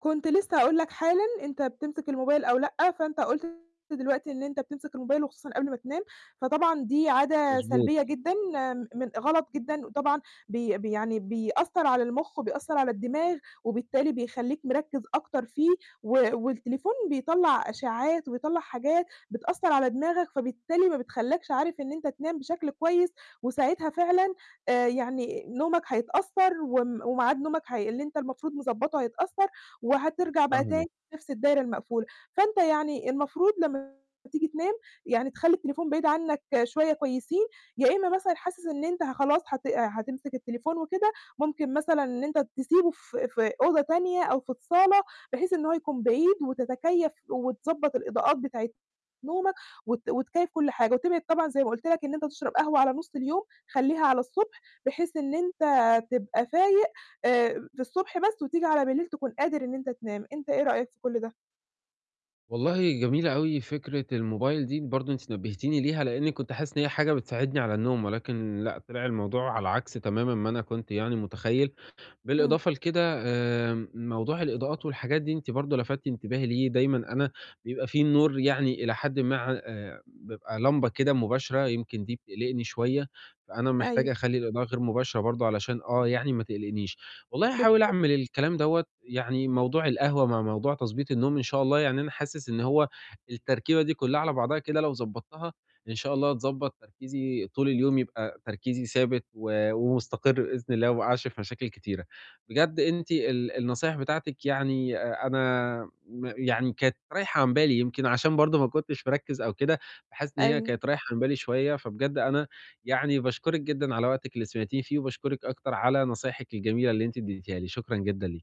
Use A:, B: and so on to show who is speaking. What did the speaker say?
A: كنت لسّه هاقول لك حالًا، أنت بتمسك الموبايل أو لأ، فأنت قُلت دلوقتي إن أنت بتمسك الموبايل وخصوصًا قبل ما تنام، فطبعًا دي عادة
B: مضبوط.
A: سلبيّة جدًا م غلط جدًا وطبعًا بي بي يعني بيأثّر على المُخ وبيأثّر على الدماغ وبالتالي بيخلّيك مركّز أكتر فيه و والتليفون بيطلّع أشعّات وبيطلّع حاجات بتأثّر على دماغك، فبالتالي ما بتخلّكش عارف إن أنت تنام بشكل كويس وساعتها فعلًا آآ يعني نومك هيتأثّر وم وميعاد نومك هي اللي أنت المفروض مضبّطه هيتأثّر وهترجع بقى
B: فاهمِك.
A: تاني لنَفْس الدايرة المقفولة. فأنت يعني المفروض لمّا تيجي تنام يعني تخلّي التليفون بعيد عنّك شوية كويسين، يا إمّا مثلًا حاسس إن أنت ه خلاص هت هتمسك التليفون وكده ممكن مثلًا إن أنت تسيبه في في أوضة تانية أو في الصالة بحيث إن هو يكون بعيد وتتكيّف وتضبّط الإضاءات بتاعة نومك وت وتكيّف كل حاجة وتبعد طبعًا زي ما قُلت لك إن أنت تشرب قهوة على نُص اليوم خلّيها على الصُبح، بحيث إن أنت تبقى فايق آآ في الصبح بس وتيجي على بليل تكون قادر إن أنت تنام، أنت إيه رأيك في كل ده؟
B: والله جميلة أوي فكرة الموبايل دي، برضه أنتِ نبّهتيني ليها، لإنّي كنت حاسس إن هي حاجة بتساعدني على النوم ولكن لأ، طلع الموضوع على عكس تمامًا ما أنا كنت يعني متخيّل،
A: إمم.
B: بالإضافة لكده آمم موضوع الإضاءات والحاجات دي أنتِ برضه لَفتتِ انتباهي ليه، دايمًا أنا بيبقى في النور يعني إلى حدِ ما ع آآ بابقى لَمبَة كده مباشرة، يمكن دي بتقلقني شوية، فأنا محتاجة
A: أيوه.
B: أخلّي الإضاءة غير مباشرة برضه علشان آه، يعني ما تقلقنيش. والله هاحاول
A: بالضبط.
B: أعمل الكلام دوّة، يعني موضوع القهوة مع موضوع تضبيط النوم إن شاء الله، يعني أنا حاسس إن هو التركيبة دي كُلّها على بعضها كده لو ضبّطتها إن شاء الله هتضبّط تركيزي طول اليوم يبقى تركيزي ثابت و ومستقر بإذن الله وما أقعش في مشاكل كتيرة. بجد أنتِ ال النصايح بتاعتِك يعني آآ أنا م يعني كانت رايحة عن بالي، يمكن عشان برضه ما كنتش مركّز أو كده، فحاسس إن هي
A: أيوه.
B: كانت رايحة عن بالي شوية، فبجد أنا يعني باشكُرِك جدًا على وقتِك اللي سمعتيني فيه وباشكُرِك أكتر على نصايحِك الجميلة اللي أنتِ ادّيتها لي، شكرًا جدًا لي